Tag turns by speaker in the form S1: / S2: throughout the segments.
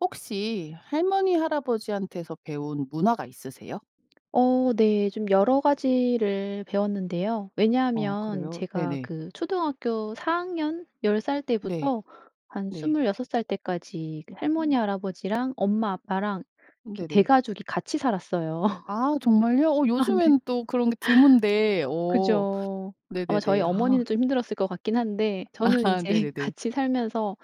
S1: 혹시 할머니 할아버지한테서 배운 문화가 있으세요?
S2: 어 네. 좀 여러 가지를 배웠는데요.
S1: 아
S2: 왜냐하면
S1: 그래요?
S2: 제가
S1: 네네.
S2: 그 초등학교 4 학년 10 살
S1: 네.
S2: 때부터 한
S1: 네.
S2: 26 살 때까지 그
S1: 어.
S2: 할머니 할아버지랑 엄마 아빠랑
S1: 음
S2: 이렇게
S1: 네네.
S2: 대가족이 같이 살았어요.
S1: 아 정말요? 어
S2: 아 네.
S1: 요즘에는 또 그런 게 드문데 어.
S2: 그죠. 아마 저희
S1: 네네네. 아.
S2: 어머니는 좀 힘들었을 것 같긴 한데 저는
S1: 아
S2: 인제
S1: 네네네.
S2: 같이 살면서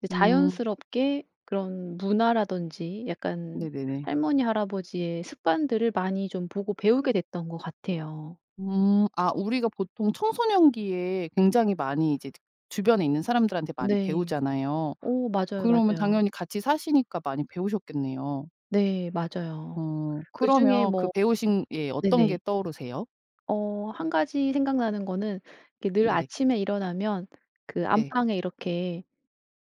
S2: 이제 이제
S1: 음.
S2: 자연스럽게 그런 문화라든지 약간
S1: 네네네.
S2: 할머니 할아버지의 습관들을 많이 좀 보고 배우게 됐던 것 같아요.
S1: 음. 아 우리가 보통 청소년기에 굉장히 많이 이제 주변에 있는 사람들한테 많이
S2: 네.
S1: 배우잖아요.
S2: 어 맞아요,
S1: 그러면
S2: 맞아요.
S1: 당연히 같이 사시니까 많이 배우셨겠네요.
S2: 네 맞아요.
S1: 어.
S2: 그중에
S1: 그러면 그
S2: 뭐
S1: 배우신 예 어떤 게
S2: 네네.
S1: 떠오르세요?
S2: 어 1 가지 생각나는 거는 이렇게 늘
S1: 네네.
S2: 아침에 일어나면 그
S1: 네.
S2: 안방에 이렇게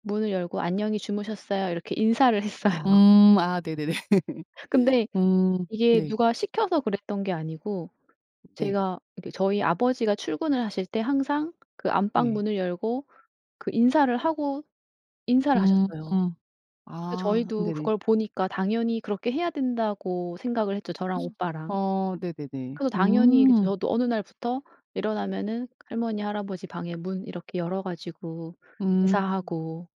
S2: 문을 열고 "안녕히 주무셨어요?" 이렇게 인사를 했어요.
S1: 음 아 네네네.
S2: 근데
S1: 음.
S2: 이게
S1: 네.
S2: 누가 시켜서 그랬던 게 아니고
S1: 네.
S2: 제가 이렇게 저희 아버지가 출근을 하실 때 항상 그 안방
S1: 네.
S2: 문을 열고 그 인사를 하고 인사를
S1: 음.
S2: 하셨어요. 그러니까
S1: 아
S2: 저희도
S1: 네네.
S2: 그걸 보니까 '당연히 그렇게 해야 된다.'고 생각을 했죠, 저랑 오빠랑.
S1: 아 네네네.
S2: 그래서 당연히 그 저
S1: 음.
S2: 저도 어느 날부터 일어나면은 할머니 할아버지 방에 문 이렇게 열어 가지고
S1: 음.
S2: 인사하고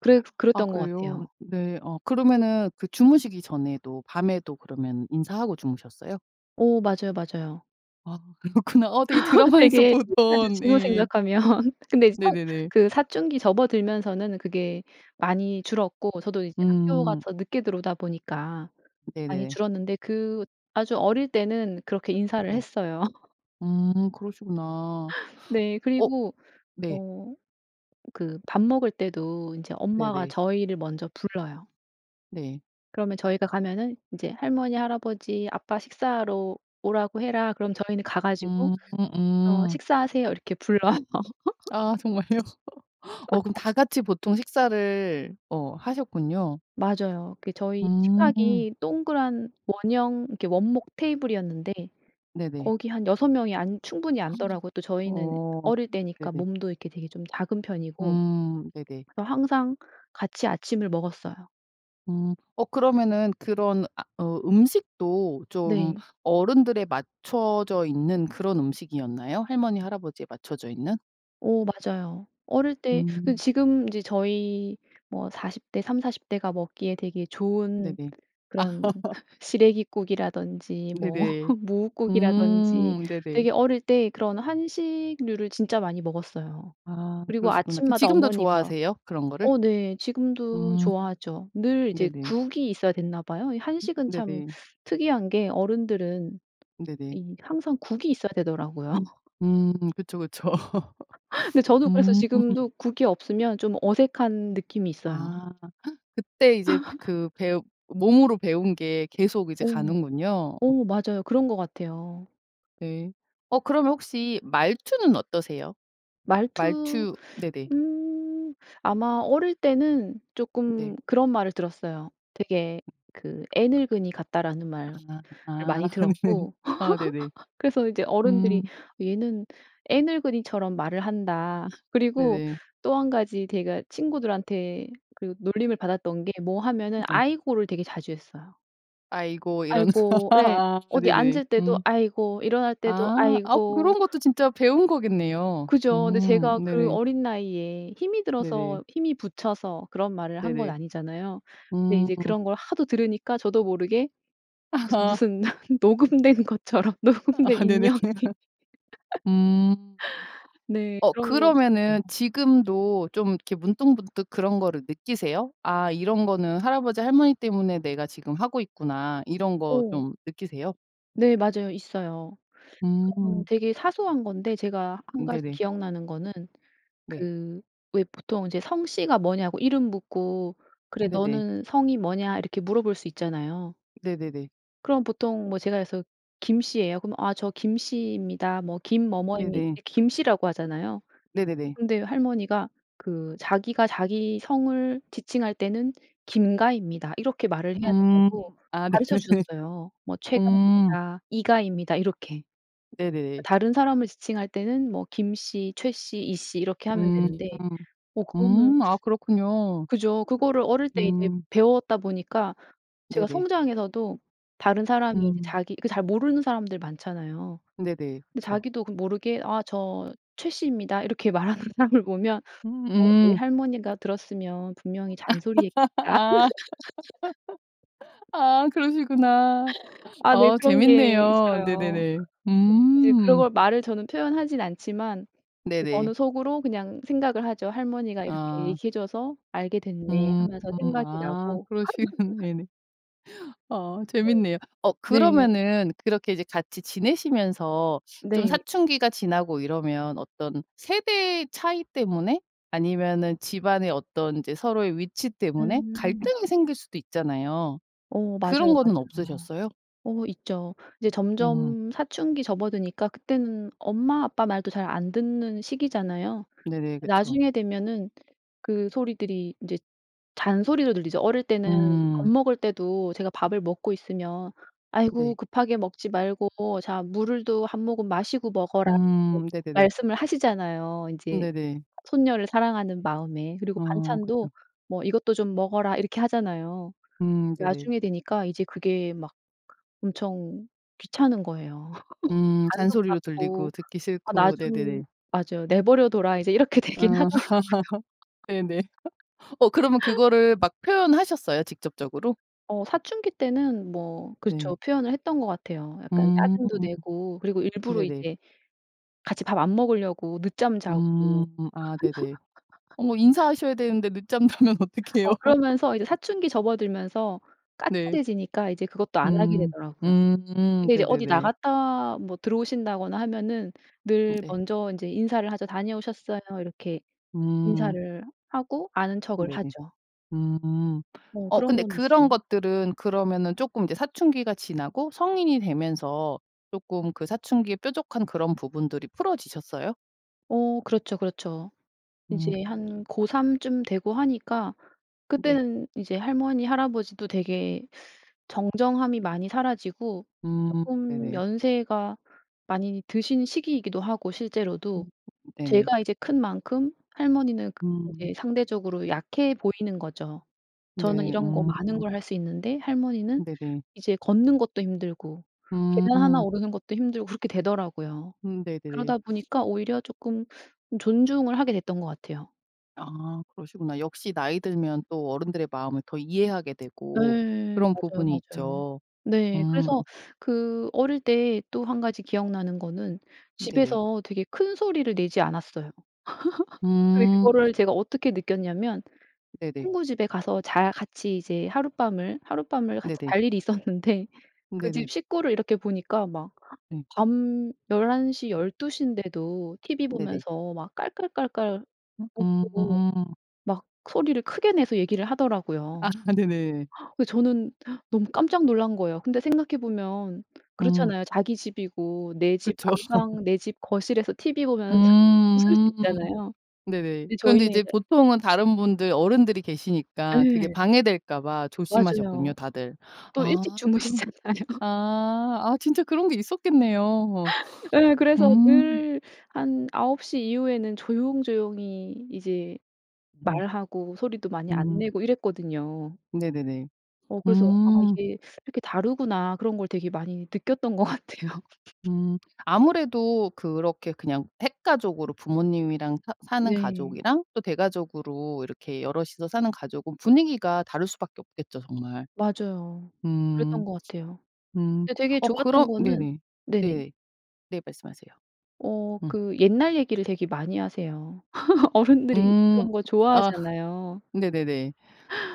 S2: 그랬
S1: 아
S2: 그랬던 것
S1: 그래요?
S2: 같아요.
S1: 네 어 그러면은 그 주무시기 전에도 밤에도 그러면 인사하고 주무셨어요?
S2: 어 맞아요, 맞아요.
S1: 아 그렇구나. 어 되게 드라마에서
S2: 되게 신기하죠
S1: 보던
S2: 지금
S1: 이
S2: 생각하면. 근데 이제 사
S1: 네네네.
S2: 그 사춘기 접어들면서는 그게 많이 줄었고 저도 이제
S1: 음.
S2: 학교가서 늦게 들어오다 보니까 많이
S1: 네네네.
S2: 줄었는데 그 아주 어릴 때는 그렇게 인사를
S1: 네.
S2: 했어요.
S1: 음 그러시구나.
S2: 네.
S1: 어
S2: 그리고
S1: 네.
S2: 어 그 밥 먹을 때도 인제 엄마가
S1: 네네.
S2: 저희를 먼저 불러요.
S1: 네.
S2: 그러면 저희가 가면은 인제 "할머니, 할아버지, 아빠 식사하러 오라고 해라." 그러면 저희는 가 가지고
S1: 음
S2: 어
S1: 음.
S2: "식사하세요." 이렇게 불러요.
S1: 아, 정말요? 어 그럼 다 같이 보통 식사를 어 하셨군요.
S2: 맞아요. 그 저희
S1: 음.
S2: 식탁이 동그란 원형 이렇게 원목 테이블이었는데
S1: 네네.
S2: 거기 한 6 명이 앉 충분히 앉더라고요. 또 저희는
S1: 어
S2: 어릴 때니까
S1: 네네.
S2: 몸도 이렇게 되게 좀 작은 편이고
S1: 음 네네.
S2: 그래서 항상 같이 아침을 먹었어요.
S1: 음 어 그러면은 그런 아 어 음식도 좀
S2: 네.
S1: 어른들에 맞춰져 있는 그런 음식이였나요? 할머니, 할아버지에 맞춰져 있는?
S2: 어 맞아요. 어릴 때 그
S1: 음.
S2: 지금 이제 저희 뭐 40 대 30-40 대가 먹기에 되게 좋은
S1: 네네.
S2: 그런 시래기국이라든지 뭐
S1: 네네.
S2: 뭇국이라든지
S1: 음 네네.
S2: 되게 어릴 때 그런 한식류를 진짜 많이 먹었어요.
S1: 아
S2: 그리고
S1: 그러시구나. 그
S2: 아침마다
S1: 지금도
S2: 어머니가
S1: 좋아하세요 그런 거를?
S2: 어 네 지금도
S1: 음.
S2: 좋아하죠. 늘 이제
S1: 네네.
S2: 국이 있어야 됐나 봐요. 이
S1: 음
S2: 한식은 참
S1: 네네.
S2: 특이한 게 어른들은
S1: 네네.
S2: 이 항상 국이 있어야 되더라고요.
S1: 음 그쵸, 그쵸.
S2: 근데 저도 그래서
S1: 음.
S2: 지금도 국이 없으면 좀 어색한 느낌이 있어요.
S1: 아. 그때 이제 그 배우 몸으로 배운 게 계속 이제
S2: 어.
S1: 가는군요.
S2: 어 맞아요. 그런 것 같아요.
S1: 네. 어 그러면 혹시 말투는 어떠세요?
S2: 말투
S1: 말투 네네.
S2: 음 아마 어릴 때는
S1: 네.
S2: 쪼끔 그런 말을 들었어요. 되게 그 "애늙은이 같다."라는 말을
S1: 아
S2: 많이 들었고
S1: 아 네네.
S2: 그래서 이제
S1: 음.
S2: 어른들이 "얘는 애늙은이처럼 말을 한다." 그리고
S1: 네네.
S2: 또 1 가지 제가 친구들한테 그 놀림을 받았던 게 뭐 하면은
S1: 네.
S2: "아이고."를 되게 자주 했어요.
S1: "아이고." 이런
S2: "아이고." 예.
S1: 아
S2: 어디
S1: 네네.
S2: 앉을 때도
S1: 음.
S2: "아이고." 일어날 때도
S1: 아. 아
S2: "아이고."
S1: 그런 것도 진짜 배운 거겠네요.
S2: 그죠. 근데
S1: 음.
S2: 제가 그
S1: 네네.
S2: 어린 나이에 힘이
S1: 네네.
S2: 들어서 힘이 부쳐서 그런 말을 한 건
S1: 네네.
S2: 아니잖아요. 근데
S1: 음.
S2: 이제 그런 걸 하도 들으니까 저도 모르게 그슨 무슨 녹음된 것처럼 녹음된
S1: 아 네네.
S2: 인형이
S1: 음.
S2: 네.
S1: 어
S2: 그런 건 있어요.
S1: 그러면은 지금도 좀 이렇게 문득문득 그런 거를 느끼세요? '아 이런거는 할아버지. 할머니 때문에 내가 지금 하고 있구나.' 이런 거
S2: 어.
S1: 좀 느끼세요?
S2: 네 맞아요. 있어요. 그런
S1: 음.
S2: 되게 사소한 건데 제가 1
S1: 음
S2: 가지
S1: 네네.
S2: 기억나는 거는
S1: 네.
S2: 그 왜 보통 이제 성씨가 뭐냐고 이름 묻고 "그래
S1: 네네.
S2: 너는 성이 뭐냐." 이렇게 물어볼 수 있잖아요.
S1: 네네네.
S2: 그럼 보통 뭐 제가 그래서 김 씨예요 그러면 "아 저 김 씨입니다. 뭐 김 뭐뭐입니다."
S1: 네네.
S2: 김 씨라고 하잖아요.
S1: 네네네.
S2: 근데 할머니가 그 자기가 자기 성을 지칭할 때는 "김 가입니다." 이렇게 말을 해야
S1: 음.
S2: 된다고
S1: 아
S2: 가르쳐
S1: 네네네.
S2: 주셨어요. 뭐 "최
S1: 음.
S2: 가입니다." "이 가입니다." 이렇게. 그러니까
S1: 네네네.
S2: 다른 사람을 지칭할 때는 뭐 김 씨, 최 씨, 이 씨 이렇게 하면
S1: 음.
S2: 되는데 어 그거는
S1: 음 아 그렇군요.
S2: 그죠. 그거를 어릴 때 이제
S1: 음.
S2: 배웠다 보니까 제가
S1: 네네.
S2: 성장해서도 다른 사람이 이제
S1: 음.
S2: 자기 그 잘 모르는 사람들 많잖아요.
S1: 네네.
S2: 근데
S1: 그쵸.
S2: 자기도 그 모르게 "아 저 최 씨입니다." 이렇게 말하는 사람을 보면 '어 우리
S1: 음음.
S2: 할머니가 들었으면 분명히 잔소리했겠다.'
S1: 아 아 그러시구나.
S2: 아 네.
S1: 어
S2: 그런 게
S1: 재밌네요.
S2: 있어요.
S1: 네네네.
S2: 그 이제 그런
S1: 음.
S2: 걸 말을 저는 표현하진 않지만 이제
S1: 네네.
S2: 저는 속으로 그냥 생각을 하죠. '할머니가 이렇게
S1: 아.
S2: 얘기해 줘서 알게 됐네.'
S1: 음.
S2: 하면서 생각이
S1: 아
S2: 나고
S1: 그러시겠 네네. 어 재밌네요. 어
S2: 네.
S1: 그러면은 그렇게 이제 같이 지내시면서 좀
S2: 네.
S1: 사춘기가 지나고 이러면 어떤 세대 차이 때문에 아니면은 집안에 어떤 인제 서로의 위치 때문에
S2: 음.
S1: 갈등이 생길 수도 있잖아요.
S2: 어
S1: 그런
S2: 맞아요,
S1: 거는
S2: 맞아요.
S1: 없으셨어요?
S2: 어 있죠. 이제
S1: 음.
S2: 점점 사춘기 접어드니까 그때는 엄마 아빠 말도 잘 안 듣는 시기잖아요.
S1: 네네. 그쵸.
S2: 나중에 되면은 그 소리들이 인제 잔소리로 들리죠. 어릴 때는 밥
S1: 음.
S2: 먹을 때도 제가 밥을 먹고 있으면 "아이고
S1: 네.
S2: 급하게 먹지 말고 자 물도 1 모금 마시고 먹어라."
S1: 음. 네네네.
S2: 말씀을 하시잖아요
S1: 음
S2: 인제
S1: 네네.
S2: 손녀를 사랑하는 마음에. 그리고
S1: 어. 그쵸.
S2: 반찬도 뭐 "이것도 좀 먹어라." 이렇게 하잖아요.
S1: 음 네네.
S2: 나중에 되니까 이제 그게 막 엄청 귀찮은 거예요.
S1: 음
S2: 간섭
S1: 잔소리로 들리고
S2: 같고
S1: 듣기
S2: "아 나
S1: 싫고.
S2: 좀"
S1: 네네네.
S2: 맞아요. "내버려둬라." 이제 이렇게 되긴 하더라고요.
S1: 아. 네네. 어 그러면 그거를 막 표현하셨어요? 직접적으로?
S2: 어 사춘기 때는 뭐 그렇죠
S1: 네.
S2: 표현을 했던 것 같아요. 약간
S1: 음.
S2: 짜증도 내고 그리고
S1: 네네.
S2: 일부러 이제 같이 밥 안 먹으려고 늦잠 자고
S1: 음. 아 네네. 어머 인사하셔야 되는데 늦잠 자면 어떡해요?
S2: 어 그러면서 이제 사춘기 접어들면서
S1: 네.
S2: 까칠해지니까 이제 그것도 안 하게
S1: 음.
S2: 되더라고요.
S1: 음.
S2: 근데 이제 어디
S1: 네네네.
S2: 나갔다 뭐 들어오신다거나 하면은
S1: 음
S2: 늘
S1: 네.
S2: 먼저 인제 인사를 하죠. "다녀오셨어요." 이렇게
S1: 음.
S2: 인사를 하고 아는 척을
S1: 네네.
S2: 하죠.
S1: 음.
S2: 어
S1: 어
S2: 그런
S1: 근데
S2: 건
S1: 그런
S2: 있어요.
S1: 것들은 그러면은 쪼끔 이제 사춘기가 지나고 성인이 되면서 쪼끔 그 사춘기의 뾰족한 그런 부분들이 풀어지셨어요?
S2: 어 그렇죠, 그렇죠. 이제
S1: 음.
S2: 한 고 3 쯤 되고 하니까
S1: 네.
S2: 그때는 이제 할머니, 할아버지도 되게 정정함이 많이 사라지고
S1: 음
S2: 쪼끔
S1: 네네.
S2: 연세가 많이 드신 시기이기도 하고
S1: 음
S2: 실제로도,
S1: 네네.
S2: 제가 이제 큰 만큼 할머니는 그
S1: 음.
S2: 이제 상대적으로 약해 보이는 거죠. 저는
S1: 네.
S2: 이런 거
S1: 음.
S2: 많은 걸 할 수 있는데 할머니는
S1: 네네.
S2: 이제 걷는 것도 힘들고 계단 1
S1: 음.
S2: 오르는 것도 힘들고 그렇게 되더라고요.
S1: 음 네네네.
S2: 그러다 보니까 오히려 쪼끔 좀 존중을 하게 됐던 것 같아요.
S1: 아 그러시구나. 역시 나이 들면 또 어른들의 마음을 더 이해하게 되고
S2: 예,
S1: 그런
S2: 맞아요,
S1: 부분이
S2: 맞아요.
S1: 있죠.
S2: 네
S1: 음.
S2: 그래서 그 어릴 때 또 1 가지 기억나는 거는
S1: 음 네네.
S2: 집에서 되게 큰 소리를 내지 않았어요. 예
S1: 음.
S2: 그거를 제가 어떻게 느꼈냐면
S1: 네네.
S2: 친구 집에 가서 잘 같이 이제 하룻밤을 하룻밤을 같이
S1: 네네.
S2: 잘 일이 있었는데
S1: 음
S2: 그
S1: 네네.
S2: 집 식구를 이렇게 보니까 막
S1: 음.
S2: 밤 11:00 12:00 인데도 티브이
S1: 네네.
S2: 보면서 막 깔깔깔깔
S1: 음
S2: 웃고
S1: 음.
S2: 막 소리를 크게 내서 얘기를
S1: 아
S2: 하더라고요.
S1: 네네.
S2: 근데 저는 너무 깜짝 놀란 거예요. 근데 생각해 보면
S1: 음.
S2: 그렇잖아요. 자기 집이고 내 집
S1: 그쵸.
S2: 안방 내 집 거실에서 티브이 보면 웃을 수
S1: 음
S2: 있잖아요.
S1: 네네.
S2: 근데
S1: 그런데
S2: 저희는
S1: 이제
S2: 이제
S1: 보통은 다른 분들 어른들이 계시니까 그게
S2: 예.
S1: 방해될까봐 조심하셨군요,
S2: 맞아요.
S1: 다들.
S2: 또 일찍
S1: 아 그럼
S2: 주무시잖아요.
S1: 아 아 진짜 그런게 있었겠네요.
S2: 예. 그래서
S1: 음.
S2: 늘 한 9:00 이후에는 조용조용히 이제
S1: 음.
S2: 말하고 소리도 많이 안
S1: 음.
S2: 내고 이랬거든요.
S1: 네네네.
S2: 어 그래서 '아
S1: 음.
S2: 이게 이렇게 다르구나.' 그런 걸 되게 많이 느꼈던 것 같아요.
S1: 음 아무래도 그렇게 그냥 핵가족으로 부모님이랑 사 사는
S2: 네.
S1: 가족이랑 또 대가족으로 이렇게 여럿이서 사는 가족은 분위기가 다를 수 밖에 없겠죠. 정말.
S2: 맞아요.
S1: 음.
S2: 그랬던 것 같아요.
S1: 음
S2: 근데 되게
S1: 어 그럼
S2: 좋았던 거는
S1: 네네.
S2: 네네.
S1: 네. 네. 말씀하세요.
S2: 어
S1: 응.
S2: 그 옛날 얘기를 되게 많이 하세요. 어른들이
S1: 음
S2: 그런 거
S1: 아
S2: 좋아하잖아요.
S1: 네네네.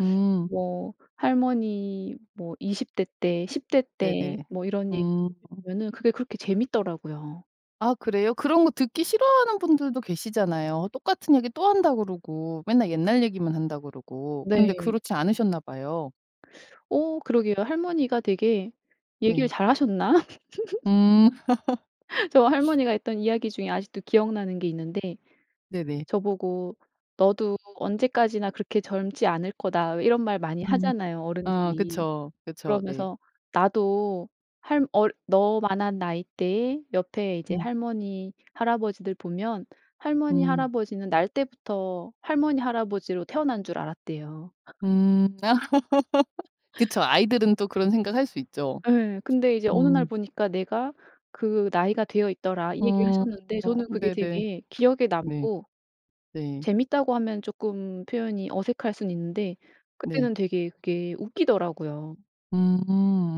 S1: 음.
S2: 뭐 할머니 뭐 20 대 때 10 대
S1: 네네.
S2: 때 뭐 이런 얘기
S1: 음.
S2: 해 주시면은 그게 그렇게 재밌더라고요.
S1: 아 그래요? 그런 거 듣기 싫어하는 분들도 계시잖아요. "똑같은 얘기 또 한다." 그러고 "맨날 옛날 얘기만 한다." 그러고. 근데
S2: 네.
S1: 그렇지 않으셨나 봐요.
S2: 어 그러게요. 할머니가 되게 얘기를
S1: 네.
S2: 잘 하셨나?
S1: 음.
S2: 저 할머니가 했던 이야기 중에 아직도 기억나는 게 있는데
S1: 네네.
S2: 저보고 "너도 언제까지나 그렇게 젊지 않을 거다." 왜 이런 말 많이
S1: 음.
S2: 하잖아요
S1: 아
S2: 어른들이.
S1: 그쵸. 그쵸. 네.
S2: 그러면서 나도 할 얼 너만한 나이대에 옆에 이제
S1: 음.
S2: 할머니, 할아버지들 보면 할머니,
S1: 음.
S2: 할아버지는 날 때부터 할머니, 할아버지로 태어난 줄 알았대요.
S1: 음 그쵸. 아이들은 또 그런 생각할 수 있죠.
S2: 예 근데 이제 "어느 날
S1: 음.
S2: 보니까 내가 그 나이가 되어 있더라." 이
S1: 음
S2: 얘기를 하셨는데
S1: 어
S2: 저는 그게
S1: 네네.
S2: 되게 기억에
S1: 네.
S2: 남고
S1: 네.
S2: 재밌다고 하면 쪼끔 표현이 어색할 순 있는데
S1: 네.
S2: 그때는 되게 그게 웃기더라고요.
S1: 음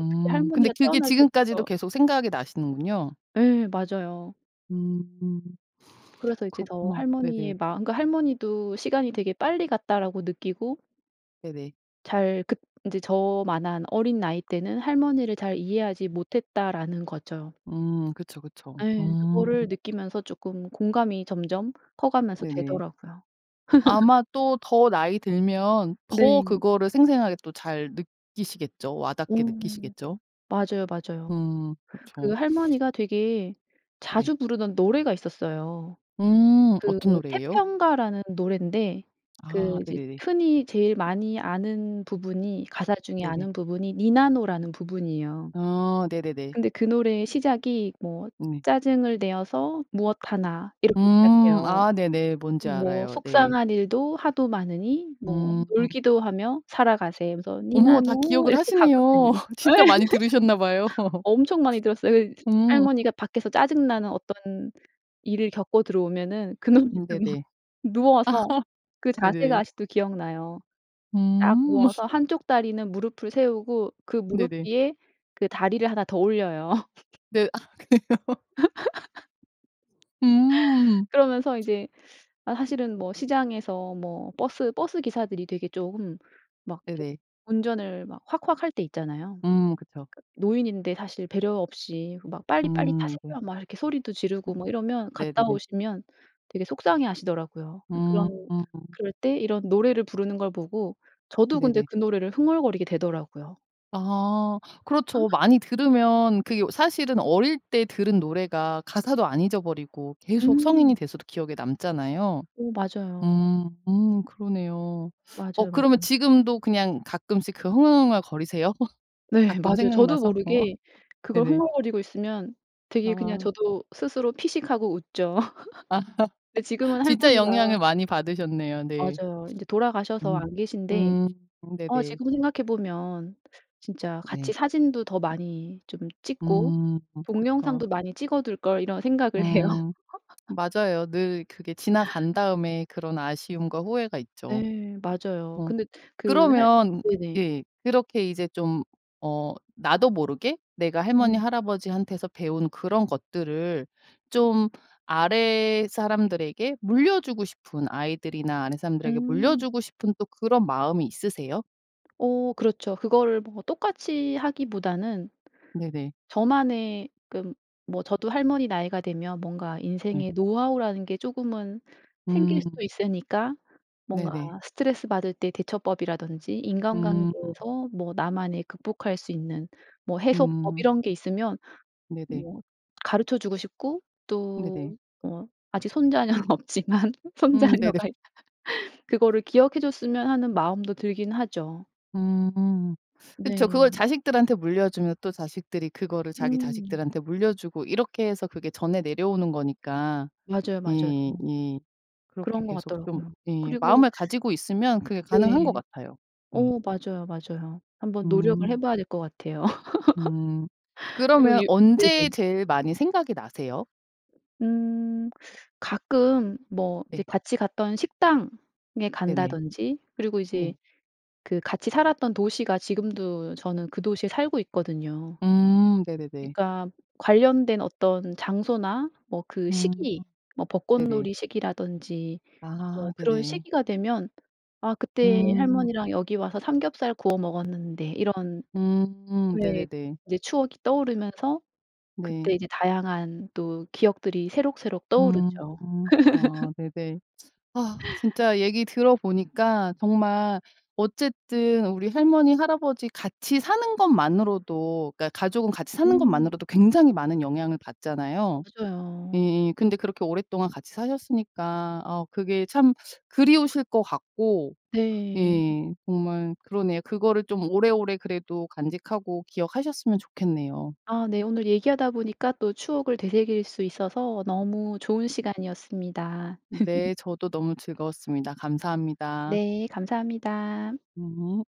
S2: 어떻게
S1: 근데
S2: 할머니가
S1: 그게
S2: 태어날
S1: 지금까지도
S2: 때부터
S1: 계속 생각이 나시는군요.
S2: 예 맞아요.
S1: 음.
S2: 그래서 이제 더
S1: 그렇구나.
S2: '할머니의
S1: 네네.
S2: 마음과 할머니도 시간이 되게 빨리 갔다.'라고 느끼고
S1: 네네.
S2: 잘 긋 인제 저만한 어린 나이 때는 '할머니를 잘 이해하지 못했다.'라는 거죠.
S1: 음 그쵸, 그쵸.
S2: 예
S1: 음.
S2: 그거를 느끼면서 쪼끔 공감이 점점 커가면서
S1: 네네.
S2: 되더라고요.
S1: 아마 또 더 나이 들면 더
S2: 네.
S1: 그거를 생생하게 또 잘 느끼시겠죠.
S2: 어.
S1: 와닿게 느끼시겠죠?
S2: 맞아요, 맞아요.
S1: 음
S2: 그
S1: 그쵸.
S2: 할머니가 되게
S1: 네.
S2: 자주 부르던 노래가 있었어요.
S1: 음.
S2: 그
S1: 어떤 노래에요?
S2: 태평가라는 노랜데 그
S1: 아
S2: 이제
S1: 네네네.
S2: 흔히 제일 많이 아는 부분이 가사 중에
S1: 네네.
S2: 아는 부분이 니나노라는 부분이에요.
S1: 아 네네네.
S2: 근데 그 노래의 시작이 뭐
S1: 네.
S2: "짜증을 내어서 무엇하나." 이렇게
S1: 음
S2: 시작해요.
S1: 아 네네. 뭔지
S2: 뭐
S1: 알아요. 네.
S2: "속상한 일도 하도 많으니 뭐
S1: 음.
S2: 놀기도 하며 살아가세." 그래서
S1: 어머, 다
S2: "니나노."
S1: 기억을
S2: 이렇게 가거든요.
S1: 하시네요.
S2: 예.
S1: 진짜 많이 들으셨나 봐요.
S2: 엄청 많이 들었어요. 이
S1: 음.
S2: 할머니가 밖에서 짜증 나는 어떤 일을 겪고 들어오면은 그 노래를
S1: 음
S2: 막
S1: 네네.
S2: 누워서 그 자세가
S1: 네네.
S2: 아직도 기억나요. 딱
S1: 음.
S2: 누워서 1 쪽 다리는 무릎을 세우고 그 무릎
S1: 네네.
S2: 위에 그 다리를 1 더 올려요.
S1: 네, 아 그래요? 음.
S2: 그러면서 인제 아 사실은 뭐 시장에서 뭐 버스 버스 기사들이 되게 쪼금 막 이렇게
S1: 네네.
S2: 운전을 막 확확할 때 있잖아요.
S1: 음 그쵸.
S2: 노인인데 사실 배려 없이 막 "빨리빨리
S1: 음. 네.
S2: 타세요." 막 이렇게 소리도 지르고
S1: 어
S2: 막 이러면 갔다
S1: 네네네.
S2: 오시면 되게 속상해하시더라고요. 그런
S1: 음.
S2: 그럴 때 이런 노래를 부르는 걸 보고 저도 근데
S1: 네네.
S2: 그 노래를 흥얼거리게 되더라고요.
S1: 아 그렇죠. 많이 들으면 그게 어 사실은 어릴 때 들은 노래가 가사도 안 잊어버리고 계속 성인이
S2: 음.
S1: 돼서도 기억에 남잖아요.
S2: 어 맞아요.
S1: 음 음 그러네요. 어
S2: 맞아요,
S1: 그러면
S2: 맞아요.
S1: 지금도 그냥 가끔씩 그 흥얼흥얼거리세요?
S2: 네.
S1: 가끔
S2: 맞아요. 저도
S1: 생각나서?
S2: 모르게 그걸
S1: 네네.
S2: 흥얼거리고 있으면 되게 그냥
S1: 아.
S2: 저도 스스로 피식하고 웃죠. 근데 지금은
S1: 진짜 영향을
S2: 할머니가
S1: 많이 받으셨네요. 네.
S2: 맞아요. 인제 돌아가셔서
S1: 음.
S2: 안 계신데
S1: 음
S2: 어
S1: 네네.
S2: 지금 생각해 보면 진짜 '같이
S1: 네.
S2: 사진도 더 많이 좀 찍고
S1: 음 그쵸.
S2: 동영상도 많이 찍어둘 걸.' 이런 생각을 해요.
S1: 음 맞아요. 늘 그게 지나간 다음에 그런 아쉬움과 후회가 있죠.
S2: 네, 맞아요.
S1: 어
S2: 근데 그 할
S1: 그러면
S2: 네네.
S1: 예 그렇게 이제 좀 어 나도 모르게 내가 할머니
S2: 음.
S1: 할아버지한테서 배운 그런 것들을 좀 아랫사람들에게 물려 주고 싶은 아이들이나 아랫사람들에게 물려
S2: 음.
S1: 주고 싶은 또 그런 마음이 있으세요?
S2: 어 그렇죠. 그거를 뭐 똑같이 하기보다는
S1: 네네.
S2: 저만의 그 뭐 저도 할머니 나이가 되면 뭔가
S1: 네.
S2: 인생의 노하우라는 게 쪼금은 생길
S1: 음.
S2: 수도 있으니까 뭔가
S1: 네네.
S2: 스트레스 받을 때 대처법이라든지
S1: 음.
S2: 인간관계에서 뭐 나만의 극복할 수 있는 뭐 해소법
S1: 음.
S2: 이런 게 있으면
S1: 네네.
S2: 뭐 가르쳐 주고 싶고 또
S1: 네네.
S2: 뭐 아직 손자녀는 없지만
S1: 음. 네네.
S2: 손자녀가 그거를 기억해 줬으면 하는 마음도 들기는 하죠.
S1: 음. 그쵸
S2: 네.
S1: 그걸 자식들한테 물려주면 또 자식들이 그거를 자기
S2: 음.
S1: 자식들한테 물려주고 이렇게 해서 그게 전해 내려오는 거니까.
S2: 맞아요, 맞아요.
S1: 예 예. 그렇게
S2: 그런 것
S1: 계속 좀
S2: 같더라고요.
S1: 예
S2: 그리고
S1: 마음을 가지고 있으면 그게 가능한 것
S2: 네.
S1: 같아요. 예.
S2: 어 맞아요, 맞아요. 한번 노력을 해
S1: 음.
S2: 봐야 될 것 같아요.
S1: 음.
S2: 그리고
S1: 그러면
S2: 유
S1: 언제
S2: 네네.
S1: 제일 많이 생각이 나세요?
S2: 음. 가끔 뭐 이제
S1: 네
S2: 같이 갔던 식당에
S1: 네네.
S2: 간다든지 그리고
S1: 네.
S2: 이제 그 같이 살았던 도시가 지금도 저는 그 도시에 살고 있거든요.
S1: 음 네네네.
S2: 그러니까 관련된 어떤 장소나 뭐 그
S1: 음.
S2: 시기, 뭐
S1: 네네.
S2: 벚꽃놀이 시기라든지
S1: 아
S2: 뭐 그런
S1: 네네.
S2: 시기가 되면 '아 그때
S1: 음.
S2: 할머니랑 여기 와서 삼겹살 구워 먹었는데.' 이런
S1: 음
S2: 네.
S1: 네네네.
S2: 인제 추억이 떠오르면서 그때
S1: 네.
S2: 이제 다양한 또 기억들이 새록새록
S1: 음.
S2: 떠오르죠.
S1: 아 네네. 아 진짜 얘기 들어보니까 정말 어쨌든 우리 할머니, 할아버지 같이 사는 것만으로도 그러니까 가족은 같이 사는
S2: 음.
S1: 것만으로도 굉장히 많은 영향을 받잖아요.
S2: 맞아요.
S1: 예예. 근데 그렇게 오랫동안 같이 사셨으니까 어 그게 참 그리우실 것 같고
S2: 네.
S1: 예 정말 그러네요. 그거를 좀 오래오래 그래도 간직하고 기억하셨으면 좋겠네요.
S2: 아 네 오늘 얘기하다 보니까 또 추억을 되새길 수 있어서 너무 좋은 시간이었습니다.
S1: 네 저도 너무 즐거웠습니다. 감사합니다.
S2: 네, 감사합니다.
S1: 예.